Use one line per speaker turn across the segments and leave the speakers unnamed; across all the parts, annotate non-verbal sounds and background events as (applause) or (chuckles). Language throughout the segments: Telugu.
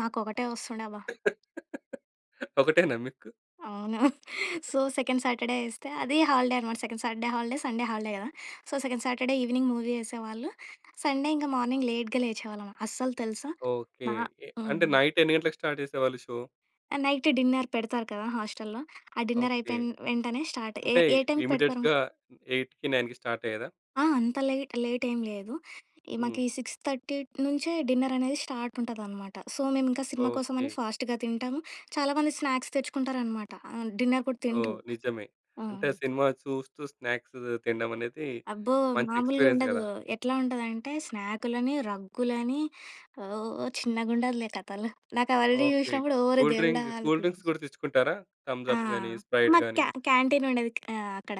మాకు ఒకటే ఒస్తుండే అబ్బ!
(laughs) ఒకటేనా మీకు?
అవును. (chuckles) సో,
(chuckles)
సెకండ్ సాటర్‌‌డే ఇస్తే అది హాలిడే అనమాట. Second Saturday holiday. Sunday holiday గదా! So, second Saturday evening movie ఏసేవాళ్ళు. సండే ఇంకా మార్నింగ్ లేట్‌గా లేచేవాళ్ళం. అస్సలు తెలుసా?
ఓకే.
నా
ఎ
హ్మ్.
అంటే, నైట్ ఎన్ని గంటలకి స్టార్ట్ చేసేవాళ్ళు షో?
ఆ! నైట్ డిన్నర్ పెడతారు కదా హాస్టల్‌‌లో. ఆ డిన్నర్
ఓకే.
అయిపోయిన వెంటనే స్టార్ట్. ఏ
అంటే,
ఏ టైమ్‌కి పెడతారు?
ఇమ్మీడియేట్‌గా 8:00కి, 9:00కి స్టార్ట్ అయ్యేదా?
ఆ! అంత లేట్ లేటెం లేదు. ఈ
హ్మ్.
మాకీ ఈ 6:30 నుంచే డిన్నరనేది స్టార్ట్ ఉంటదనమాట. సో, మేమింకా సినిమా కోసం
ఓకే.
అని ఫాస్ట్‌గా తింటాము. చాలామంది స్నాక్స్ తెచ్చుకుంటారనమాట. ఆహ్, డిన్నర్ కూడా
ఓహ్!
తినరు.
నిజమే.
ఆ!
అంటే, సినిమా చూస్తూ స్నాక్స్ తినడం అనేది
అబ్బో!
మంచి
మామూలుగా
ఎక్స్పీరియన్స్
ఉండదు.
గదా!
ఎట్లా ఉంటదంటే స్నాకులని, రగ్గులని, ఓ చిన్నగా ఉండదులే కథలు. నాకు ఆల్రెడీ
ఓకే.
చూశినప్పుడు ఓరి
కూల్
దేవుడా!
డ్రింక్ కూల్
అనుకున్న.
డ్రింక్స్ గూడా తెచ్చుకుంటారా? థంబ్స్
ఆ!
అప్ గాని, స్ప్రైట్
మాకు
గాని.
క్యా క్యాంటీనుండేది. ఆహ్, అక్కడ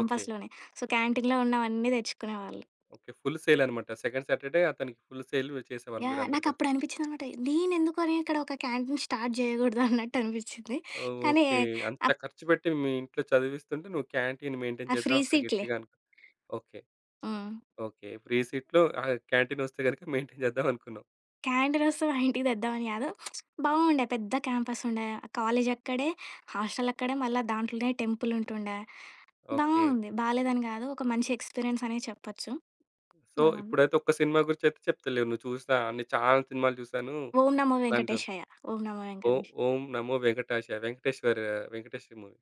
ఓకే.
సో, క్యాంటీన్‌లో ఉన్నవన్నీ దెచ్చుకునేవాళ్ళు.
ఓకే. ఫుల్ సేల్ అనమాట. సెకండ్ సాటర్‌డే అతనికి ఫుల్ సేల్ వ్ చేసేవాళ్ళు
యాహ్!
మీరందరు కలిసి.
నాకప్పుడనిపించిందన్నమాట, నేనెందుకని ఇక్కడొక క్యాంటీన్ స్టార్ట్ చేయగూడదు (chuckles) అన్నట్టు అనిపించింది. కానీ,
ఓకే.
ఎయ్
అంత
అక్
ఖర్చు పెట్టి మీ ఇంట్లో చదివిస్తుంటే నువ్వు క్యాంటీన్ మెయింటైన్
ఆ! ఫ్రీ
చేద్దాం అక్కడ
సీట్‌లే.
గట్టిగా అనుకున్నావు. ఓకే.
హ్మ్.
ఓకే. ఫ్రీ సీట్‌లో ఆహ్, క్యాంటీనొస్తే గనుక మెయింటైన్ చేద్దాం అనుకున్నావు.
క్యాంటీనొస్తే మా ఇంటికి దెద్దామని గాదు. బావుండే. పెద్ద క్యాంపసుండే. కాలేజక్కడే, హాస్టలక్కడే. మళ్ళ దాంట్లోనే టెంపులుంటుండే.
ఓకే.
బావుంది. బాలేదని గాదు. ఒక మంచి ఎక్స్పీరియన్స్ అనే చెప్పొచ్చు.
సో,
బావుంది.
ఇప్పుడైతే ఒక్క సినిమా గురించి అయితే చెప్తలేవు. నువ్వు చూసినా అన్ని చాలా సినిమాలు చూసాను.
'ఓం నమో!
అట్లాంటవు.
వెంకటేషాయ.' 'ఓం నమో!
ఓహ్!
వెంకటేషాయ.'
ఓం నమో! వెంకటాశయ వెంకటేశ్వర్ వెంకటేశ్వరి మూవీ.